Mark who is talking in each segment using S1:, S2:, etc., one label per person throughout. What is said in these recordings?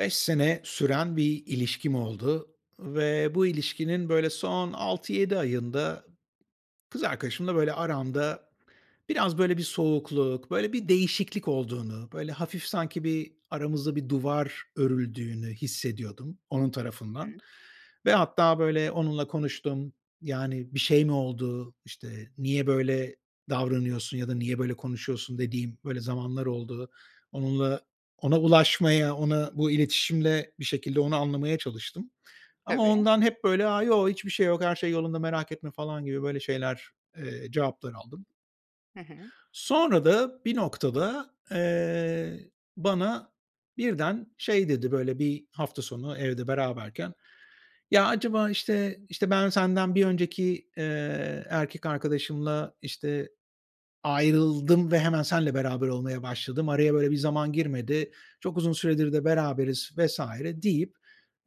S1: 5 sene süren bir ilişkim oldu ve bu ilişkinin, böyle, son 6-7 ayında kız arkadaşımla, böyle, aramda biraz, böyle, bir soğukluk, böyle, bir değişiklik olduğunu, böyle, hafif sanki, bir, aramızda bir duvar örüldüğünü hissediyordum, onun tarafından
S2: Hı.
S1: ve hatta, böyle, onunla konuştum. "Yani, bir şey mi oldu? İşte, niye böyle davranıyorsun ya da niye böyle konuşuyorsun?" dediğim, böyle, zamanlar oldu. Onunla ona ulaşmaya, ona bu iletişimle bir şekilde onu anlamaya çalıştım. Ama
S2: Tabii.
S1: ondan hep, böyle: "A, yo. Hiçbir şey yok. her şey yolunda merak etme." falan gibi, böyle, şeyler, eee, cevaplar aldım.
S2: Hı hı.
S1: Sonra da bir noktada, eee, bana birden şey dedi, böyle, bir hafta sonu evde beraberken: "Ya, acaba, işte işte, ben senden bir önceki, eee, erkek arkadaşımla, işte, ayrıldım ve hemen seninle beraber olmaya başladım, araya, böyle, bir zaman girmedi, çok uzun süredir de beraberiz..." vs. deyip,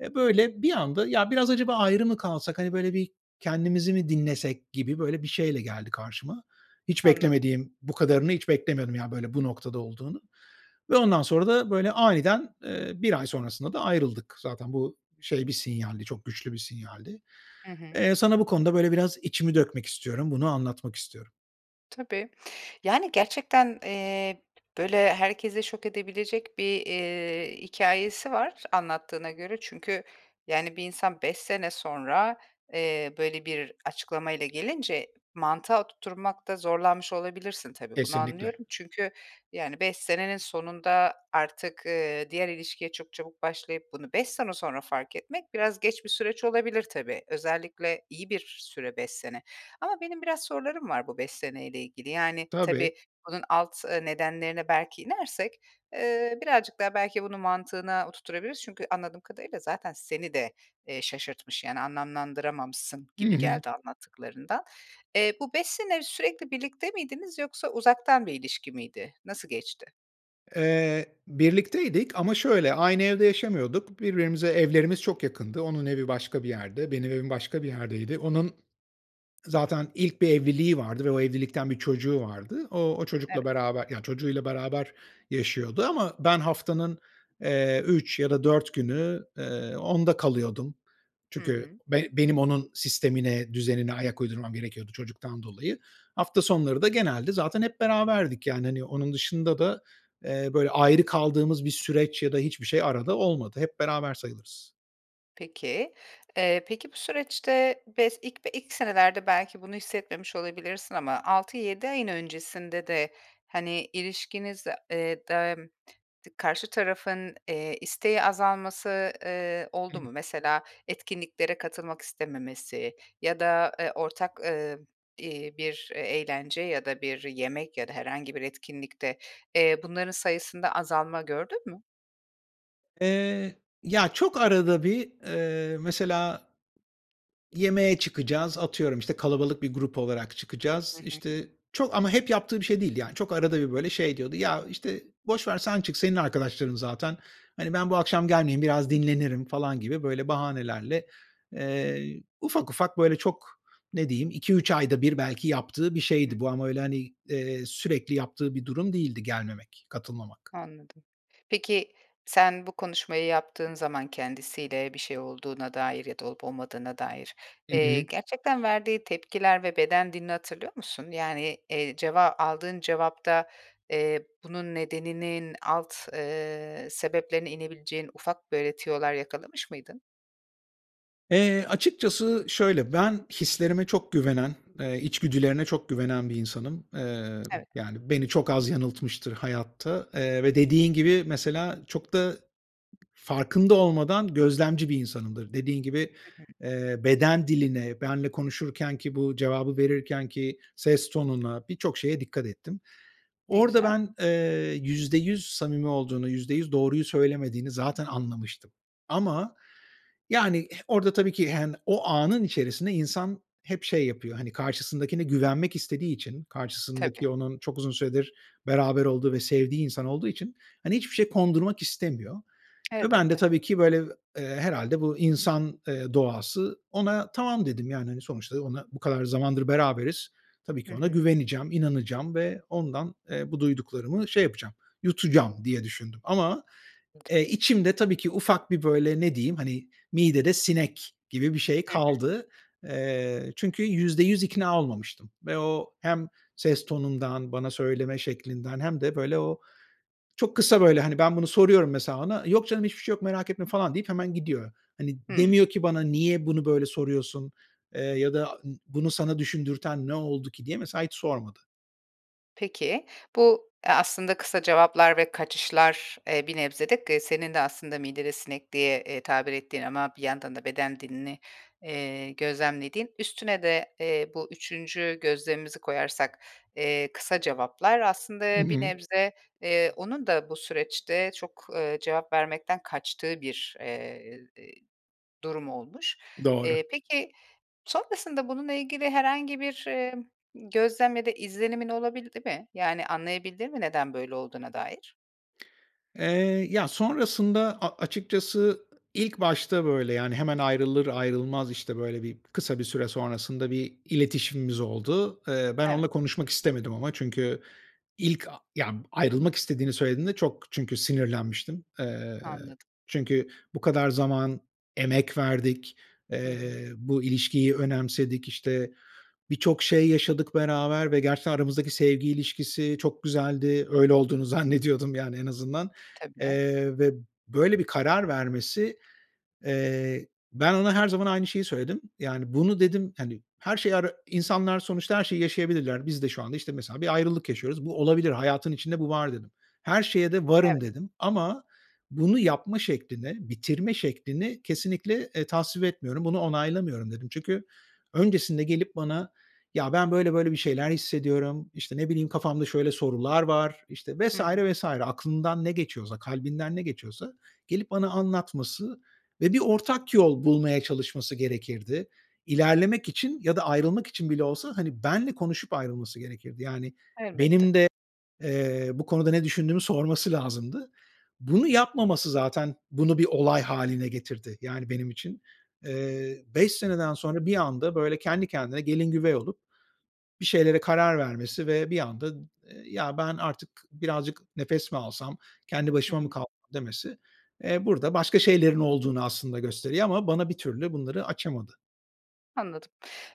S1: eee, böyle, bir anda: "Ya, biraz acaba ayrı mı kalsak? Hani, böyle, bir kendimizi mi dinlesek?" gibi, böyle, bir şeyle geldi karşıma. Hiç
S2: Anladım.
S1: beklemediğim Bu kadarını hiç beklemiyordum, yani, böyle, bu noktada olduğunu ve ondan sonra da, böyle, aniden, eee, 1 ay sonrasında da ayrıldık. Zaten bu, şey bir sinyaldi, çok güçlü bir sinyaldi.
S2: Hı hı.
S1: Eee, sana bu konuda, böyle, biraz içimi dökmek istiyorum. Bunu anlatmak istiyorum.
S2: Tabii. Yani, gerçekten, eee, böyle, herkesi şok edebilecek bir, eee, hikâyesi var anlattığına göre. Çünkü, yani, bir insan 5 sene sonra, eee, böyle, bir açıklamayla gelince mantığa oturtmakta zorlanmış olabilirsin, tabii, bunu
S1: Kesinlikle.
S2: anlıyorum. Çünkü, yani, 5 senenin sonunda artık, eee, diğer ilişkiye çok çabuk başlayıp bunu 5 sene sonra fark etmek, biraz geç bir süreç olabilir, tabii. Özellikle iyi bir süre, 5 sene. Ama benim biraz sorularım var bu 5 seneyle ilgili. Yani,
S1: Tabii.
S2: tabii, bunun alt, eee, nedenlerine belki inersek, eee, birazcık daha belki bunu mantığına oturtturabiliriz. Çünkü anladığım kadarıyla zaten seni de, eee, şaşırtmış. Yani, anlamlandıramamışsın
S1: Hı
S2: gibi
S1: hı.
S2: geldi anlattıklarından. Eee, bu 5 sene sürekli birlikte miydiniz yoksa uzaktan bir ilişki miydi? Nasıl geçti?
S1: Eee, birlikteydik ama, şöyle, aynı evde yaşamıyorduk. Birbirimize evlerimiz çok yakındı. Onun evi başka bir yerde, benim evim
S2: Hı
S1: başka bir
S2: hı.
S1: yerdeydi. Onun zaten ilk bir evliliği vardı ve o evlilikten 1 çocuğu vardı. O, o çocukla
S2: Evet.
S1: beraber, yani, çocuğuyla beraber yaşıyordu ama ben haftanın, eee, 3 ya da 4 günü, eee, onda kalıyordum.
S2: Hı
S1: Çünkü
S2: hı.
S1: be benim onun sistemine, düzenine ayak uydurmam gerekiyordu çocuktan dolayı. Hafta sonları da genelde zaten hep beraberdik, yani, hani, onun dışında da, eee, böyle, ayrı kaldığımız bir süreç ya da hiçbir şey arada olmadı. Hep beraber sayılırız.
S2: Peki, eee, peki, bu süreçte bes ilk ilk senelerde belki bunu hissetmemiş olabilirsin ama, 6-7 ayın öncesinde de, hani, ilişkinizde, eee, dem dı karşı tarafın, eee, isteği azalması, eee, oldu mu?
S1: [unintelligible]
S2: Mesela, etkinliklere katılmak istememesi ya da, eee, ortak, eee, iii, bir, eee, eğlence ya da bir yemek ya da herhangi bir etkinlikte, eee, bunların sayısında azalma gördün mü?
S1: Eee, ya, çok arada bir, eee, mesela, yemeğe çıkacağız, atıyorum, işte, kalabalık bir grup olarak
S2: Hı
S1: çıkacağız.
S2: hı.
S1: İşte, çok ama hep yaptığı bir şey değildi. Yani, çok arada bir, böyle, şey diyordu: "Ya, işte, boş ver, sen çık, senin arkadaşların zaten. Hani, ben bu akşam gelmeyeyim, biraz dinlenirim." falan gibi, böyle, bahanelerle, eee, ufak ufak, böyle, çok, ne diyeyim 2-3 ayda bir, belki yaptığı bir
S2: Hı hı.
S1: şeydi bu. Ama, öyle, hani, eee, sürekli yaptığı bir durum değildi gelmemek, katılmamak.
S2: Anladım. Peki, sen, bu konuşmayı yaptığın zaman kendisiyle, bir şey olduğuna dair ya da olup olmadığına dair,
S1: Hı
S2: eee,
S1: hı.
S2: gerçekten verdiği tepkiler ve beden dilini hatırlıyor musun? Yani, eee, ceva aldığın cevapta, eee, bunun nedeninin alt, eee, sebeplerine inebileceğin ufak, böyle, tüyolar yakalamış mıydın?
S1: Eee, açıkçası şöyle, ben hislerime çok güvenen, eee, içgüdülerine çok güvenen bir insanım. Eee,
S2: Evet.
S1: yani, beni çok az yanıltmıştır hayatta, eee, ve dediğin gibi, mesela çok da farkında olmadan gözlemci bir insanımdır. Dediğin gibi,
S2: Hı hı.
S1: eee, beden diline, benimle konuşurkenki, bu cevabı verirkenki ses tonuna, birçok şeye dikkat ettim.
S2: Ne
S1: Orada
S2: güzel.
S1: ben, eee, %100 samimi olduğunu, %100 doğruyu söylemediğini zaten anlamıştım. Ama, yani, eh, orada tabii ki, yani, o anın içerisinde insan hep şey yapıyor, hani, karşısındakine güvenmek istediği için,
S2: Tabii.
S1: karşısındaki onun çok uzun süredir beraber olduğu ve sevdiği insan olduğu için, hani, hiçbir şey kondurmak istemiyor ve ben de
S2: Elbette.
S1: tabii ki, böyle, eee, herhâlde bu insan, eee, doğası, ona, “tamam” dedim. Yani, hani, sonuçta ona, bu kadar zamandır beraberiz. Tabii
S2: Hı
S1: ki ona
S2: hı.
S1: güveneceğim, inanacağım ve ondan, eee, bu duyduklarımı şey yapacağım, yutacağım, diye düşündüm. Ama,
S2: [unintelligible]
S1: eee, içimde tabii ki, ufak bir böyle, ne diyeyim, hani, "midede sinek" gibi bir şey
S2: Hı hı.
S1: kaldı. Eee, çünkü %100 ikna olmamıştım ve o hem ses tonundan, bana söyleme şeklinden hem de, böyle, o çok kısa, böyle, hani, ben bunu soruyorum mesela, ona, “Yok canım, hiçbir şey yok, merak etme" falan deyip hemen gidiyor. Hani,
S2: Hımm.
S1: demiyor ki "Bana niye bunu böyle soruyorsun?" eee, ya da "Bunu sana düşündürten ne oldu ki?" diye mesela hiç sormadı.
S2: Peki. Bu, eee, aslında kısa cevaplar ve kaçışlar, eee, bir nebze de, k senin de aslında "midede sinek" diye, eee, tabir ettiğin ama bir yandan da beden dilini, eee, gözlemlediğin; üstüne de, eee, bu 3’üncü gözlemimizi koyarsak, eee, kısa cevaplar...
S1: Hı
S2: Aslında bir
S1: hı.
S2: nebze, eee, onun da bu süreçte çok, eee, cevap vermekten kaçtığı bir, eee, durum olmuş.
S1: Doğru.
S2: Eee, peki, sonrasında bununla ilgili herhangi bir, eee, gözlem ya da izlenimin olabildi mi? Yani, anlayabildin mi neden böyle olduğuna dair?
S1: Eee, ya, sonrasında a açıkçası ı ilk başta, böyle, yani, hemen ayrılır ayrılmaz, işte, böyle, bir, kısa bir süre sonrasında bir iletişimimiz oldu. Eee, ben
S2: Evet.
S1: onunla konuşmak istemedim ama, çünkü ilk a yani, ayrılmak istediğini söylediğinde çok çünkü sinirlenmiştim. Eee,
S2: Anladım.
S1: çünkü bu kadar zaman emek verdik,
S2: Hı hı.
S1: eee, bu ilişkiyi önemsedik. İşte, birçok şey yaşadık beraber ve gerçekten aramızdaki sevgi ilişkisi çok güzeldi. Öyle olduğunu zannediyordum, yani en azından.
S2: Tabii.
S1: Eee, ve böyle bir karar vermesi, eee, ben ona her zaman aynı şeyi söyledim. Yani, bunu dedim, hani, her şeyi ara “İnsanlar sonuçta her şeyi yaşayabilirler. Biz de şu anda, işte, mesela bir ayrılık yaşıyoruz. Bu olabilir. Hayatın içinde bu var.” dedim. “Her şeye de
S2: Evet.
S1: varım.” dedim ama “Bunu yapma şeklini, bitirme şeklini kesinlikle, eee, tasvip etmiyorum. Bunu onaylamıyorum.” dedim. Çünkü öncesinde gelip bana “Ya, ben böyle böyle bir şeyler hissediyorum," işte, ne bileyim, "Kafamda şöyle sorular var,” işte, vs.
S2: Hı hı.
S1: vs. aklından ne geçiyorsa, kalbinden ne geçiyorsa gelip bana anlatması ve bir ortak yol bulmaya çalışması gerekirdi. İlerlemek için ya da ayrılmak için bile olsa, hani, benimle konuşup ayrılması gerekirdi. Yani,
S2: Elbette.
S1: benim de, eee, bu konuda ne düşündüğümü sorması lazımdı. Bunu yapmaması, zaten bunu bir olay hâline getirdi, yani, benim için. Eee, 5 seneden sonra bir anda, böyle, kendi kendine gelin güvey olup bir şeylere karar vermesi ve bir anda, ımm, ııı, “Ya ben artık birazcık nefes mi alsam? Kendi
S2: Hı
S1: başıma mı
S2: hı.
S1: kal” demesi, eee, burada başka şeylerin olduğunu aslında gösteriyor ama bana bir türlü bunları açamadı.
S2: Anladım.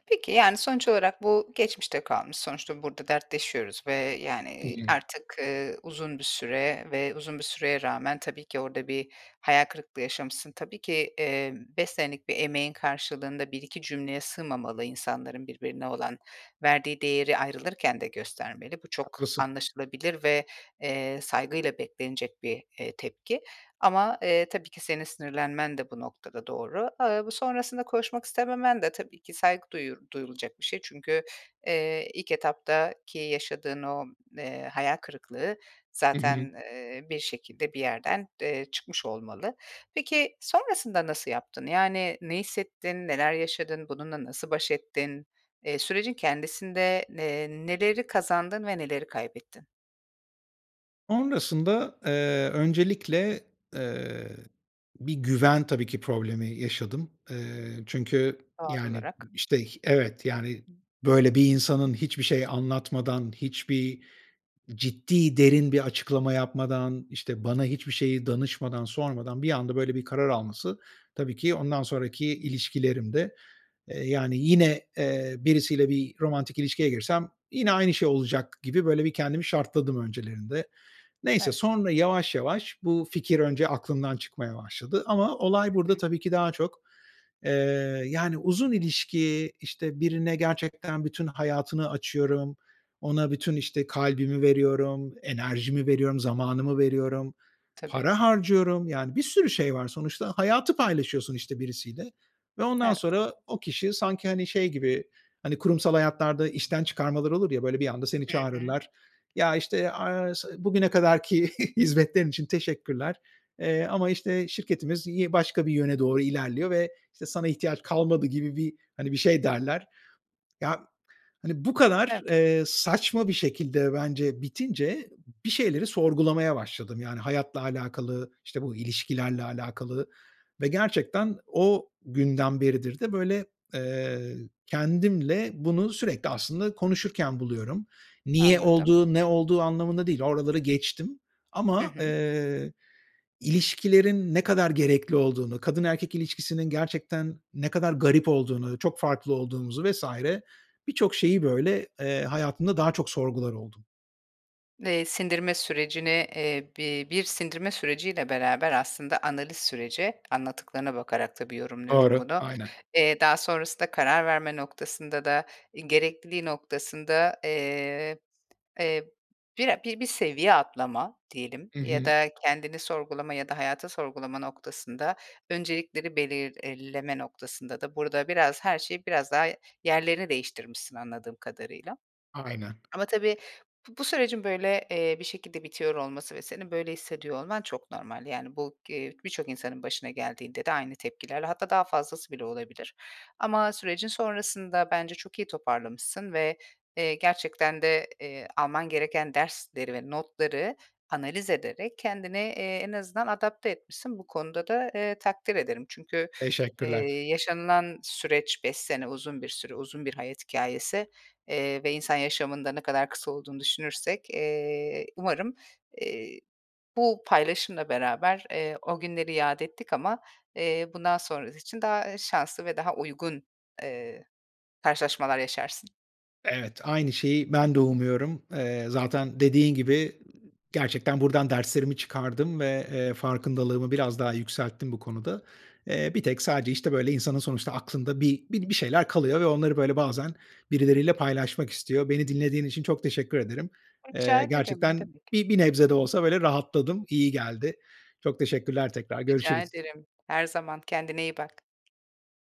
S2: Peki, yani, sonuç olarak bu geçmişte kalmış. Sonuçta burada dertleşiyoruz ve, yani,
S1: Hı
S2: eee,
S1: hı.
S2: artık, ııı, uzun bir süre ve uzun bir süreye rağmen, tabii ki orada bir hayal kırıklığı yaşamışsın. Tabii ki, eee, 5 senelik bir emeğin karşılığında 1-2 cümleye sığmamalı insanların birbirine olan verdiği değeri ayrılırken de göstermeli. Bu çok
S1: Haklısın.
S2: anlaşılabilir ve, eee, saygıyla beklenecek bir, eee, tepki. Ama, eee, tabii ki senin sinirlenmen de bu noktada doğru. Iıı, bu sonrasında konuşmak istememen de tabii ki saygı duyu duyulacak bir şey. Çünkü, eee, ilk etaptaki yaşadığın o, eee, hayal kırıklığı
S1: Hı hı.
S2: zaten, eee, bir şekilde bir yerden, eee, çıkmış olmalı. Peki, sonrasında nasıl yaptın? Yani, ne hissettin? Neler yaşadın? Bununla nasıl baş ettin? Eee, sürecin kendisinde ne eee, neleri kazandın ve neleri kaybettin?
S1: Sonrasında, eee, öncelikle, eee, bir güven, tabii ki, problemi yaşadım. Eee, çünkü,
S2: Doğal
S1: yani,
S2: olarak.
S1: işte, h evet, yani, böyle, bir insanın hiçbir şey anlatmadan, hiçbir ciddi, derin bir açıklama yapmadan, işte, bana hiçbir şeyi danışmadan, sormadan bir anda, böyle, bir karar alması, tabii ki ondan sonraki ilişkilerimde, eee, yani, yine, eee, birisiyle bir romantik ilişkiye girsem yine aynı şey olacak gibi, böyle, bir kendimi şartladım öncelerinde. Neyse,
S2: Evet.
S1: sonra yavaş yavaş bu fikir önce aklımdan çıkmaya başladı. Ama olay
S2: Hı
S1: burada,
S2: hı.
S1: tabii ki daha çok, eee, yani, uzun ilişki, işte, birine gerçekten bütün hayatını açıyorum, ona bütün, işte, kalbimi veriyorum, enerjimi veriyorum, zamanımı veriyorum,
S2: Tabii.
S1: para harcıyorum, yani, bir sürü şey var. Sonuçta, hayatı paylaşıyorsun, işte, birisiyle ve ondan
S2: Evet.
S1: sonra o kişi sanki, hani, şey gibi, hani, kurumsal hayatlarda işten çıkarmalar olur ya. Böyle, bir anda seni
S2: Hı hı.
S1: çağırırlar, "Ya, işte, aaa, s bugüne kadarki hizmetlerin için teşekkürler, eee, ama, işte, şirketimiz yi başka bir yöne doğru ilerliyor ve, işte, sana ihtiyaç kalmadı." gibi bir, hani, bir şey derler. Ya, hani, bu kadar,
S2: Evet.
S1: eee, saçma bir şekilde bence bitince bir şeyleri sorgulamaya başladım. Yani, hayatla alakalı, işte, bu ilişkilerle alakalı ve gerçekten o günden beridir de, böyle, eee, kendimle bunu sürekli aslında konuşurken buluyorum. Niye
S2: Anladım.
S1: olduğu, ne olduğu anlamında değil, oraları geçtim.
S2: Hı
S1: Ama,
S2: hı.
S1: eee, ilişkilerin ne kadar gerekli olduğunu, kadın erkek ilişkisinin gerçekten ne kadar garip olduğunu, çok farklı olduğumuzu vs. birçok şeyi, böyle, eee, hayatımda daha çok sorgular oldum.
S2: Eee, sindirme sürecini, eee, bi bir sindirme süreciyle beraber aslında analiz süreci, anlattıklarına bakarak tabii yorumluyorum
S1: Doğru.
S2: bunu.
S1: Aynen.
S2: Eee, daha sonrasında karar verme noktasında da, eee, gerekliliği noktasında, eee, eee, bire bir seviye atlama diyelim,
S1: Hı
S2: ya
S1: hı.
S2: da kendini sorgulama ya da hayatı sorgulama noktasında öncelikleri belirleme noktasında da burada, biraz, her şey, biraz, daha yerlerini değiştirmişsin anladığım kadarıyla.
S1: Aynen.
S2: Ama tabii, bu bu sürecin, böyle, eee, bir şekilde bitiyor olması ve senin böyle hissediyor olman çok normal. Yani, bu g eee, birçok insanın başına geldiğinde de aynı tepkilerle, hatta daha fazlası bile olabilir. Ama sürecin sonrasında bence, çok iyi toparlamışsın ve, eee, gerçekten de, eee, alman gereken dersleri ve notları analiz ederek kendini, eee, en azından adapte etmişsin. Bu konuda da, eee, takdir ederim. Çünkü,
S1: Teşekkürler.
S2: eee, yaşanılan süreç 5 sene, uzun bir süre, uzun bir hayat hikâyesi. Eee, ve insan yaşamında ne kadar kısa olduğunu düşünürsek, eee, umarım, eee, bu paylaşımla beraber, eee, o günleri yâd ettik ama, eee, bundan sonrası için daha, eee, şanslı ve daha uygun, eee, karşılaşmalar yaşarsın.
S1: Evet, aynı şeyi ben de umuyorum. Eee, zaten dediğin gibi, ııı, gerçekten buradan derslerimi çıkardım ve, eee, farkındalığımı biraz daha yükselttim bu konuda. Eee, bir tek, sadece, işte, böyle, insanın sonuçta aklında bi bi bir şeyler kalıyor ve onları, böyle, bazen birileriyle paylaşmak istiyor. Beni dinlediğin için çok teşekkür ederim.
S2: Ay, rica
S1: Eee,
S2: ederim. Ne
S1: gerçekten
S2: demek.
S1: bi bir nebze de olsa, böyle, rahatladım, iyi geldi. Çok teşekkürler tekrar,
S2: Rica
S1: görüşürüz.
S2: ederim. Her zaman. Kendine iyi bak.